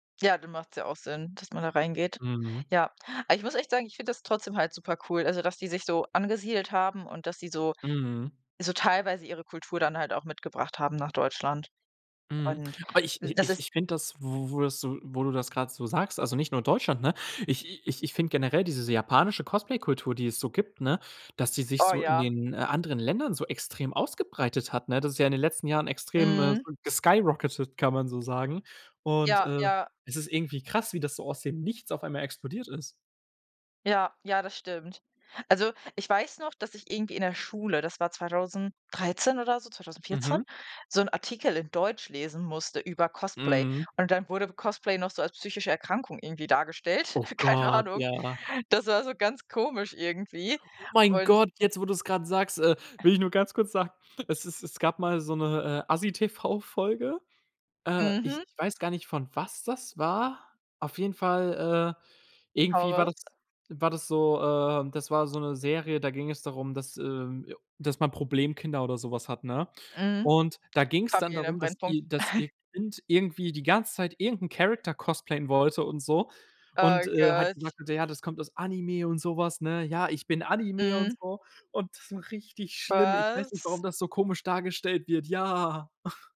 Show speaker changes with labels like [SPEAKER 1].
[SPEAKER 1] Ja, dann macht's ja auch Sinn, dass man da reingeht.
[SPEAKER 2] Mhm.
[SPEAKER 1] Ja. Aber ich muss echt sagen, ich finde das trotzdem halt super cool also, dass die sich so angesiedelt haben und dass sie so
[SPEAKER 2] Mhm.
[SPEAKER 1] so teilweise ihre Kultur dann halt auch mitgebracht haben nach Deutschland.
[SPEAKER 2] Mhm.
[SPEAKER 1] Und
[SPEAKER 2] Aber ich i
[SPEAKER 1] das
[SPEAKER 2] ich
[SPEAKER 1] ist
[SPEAKER 2] ich finde das, wo wo du so wo du das grad so sagst also nicht nur Deutschland, ne? Ich ich ich finde generell diese japanische Cosplay-Kultur, die es so gibt, ne, dass die sich
[SPEAKER 1] Oh
[SPEAKER 2] so in
[SPEAKER 1] ja.
[SPEAKER 2] den, äh, anderen Ländern so extrem ausgebreitet hat, ne? Das ist ja in den letzten Jahren extrem, äh,
[SPEAKER 1] Mhm.
[SPEAKER 2] so geskyrocketet, kann man so sagen. Und,
[SPEAKER 1] Ja
[SPEAKER 2] äh,
[SPEAKER 1] ja.
[SPEAKER 2] es ist irgendwie krass, wie das so aus dem Nichts auf einmal explodiert ist.
[SPEAKER 1] Ja ja, das stimmt. Also, ich weiß noch, dass ich irgendwie in der Schule, das war 2013 oder so, 2014,
[SPEAKER 2] Mhm.
[SPEAKER 1] so 'n Artikel in Deutsch lesen musste über Cosplay.
[SPEAKER 2] Mhm.
[SPEAKER 1] Und dann wurde Cosplay noch so als psychische Erkrankung irgendwie dargestellt,
[SPEAKER 2] Oh
[SPEAKER 1] keine
[SPEAKER 2] Gott,
[SPEAKER 1] Ahnung.
[SPEAKER 2] ja.
[SPEAKER 1] Das war so ganz komisch irgendwie.
[SPEAKER 2] Oh mein
[SPEAKER 1] Und
[SPEAKER 2] Gott, jetzt, wo du's grad sagst, äh, will ich nur ganz kurz sagen, es ist es gab mal so 'ne, äh, Assi-TV-Folge. Äh, ich
[SPEAKER 1] Mhm.
[SPEAKER 2] ich weiß gar nicht, von was das war. Auf jeden Fall, äh, irgendwie war das
[SPEAKER 1] [unintelligible]
[SPEAKER 2] war das so, äh das war so 'ne Serie, da ging es darum, dass, ähm dass man Problemkinder oder so was hat, ne?
[SPEAKER 1] Mhm.
[SPEAKER 2] Und da ging's dann
[SPEAKER 1] Familien im
[SPEAKER 2] darum, dass
[SPEAKER 1] Brennpunkt.
[SPEAKER 2] ihr dass ihr Kind irgendwie die ganze Zeit irgendeinen Character cosplayen wollte und so.
[SPEAKER 1] Oh
[SPEAKER 2] Und, äh, hat
[SPEAKER 1] Gott.
[SPEAKER 2] gesagt zu der: „Ja, das kommt aus Anime“, und sowas, ne? „Ja, ich bin Anime“, und
[SPEAKER 1] Mhm.
[SPEAKER 2] so. Und das war richtig schlimm. Ich weiß nicht, warum
[SPEAKER 1] Was?
[SPEAKER 2] das so komisch dargestellt wird. Ja.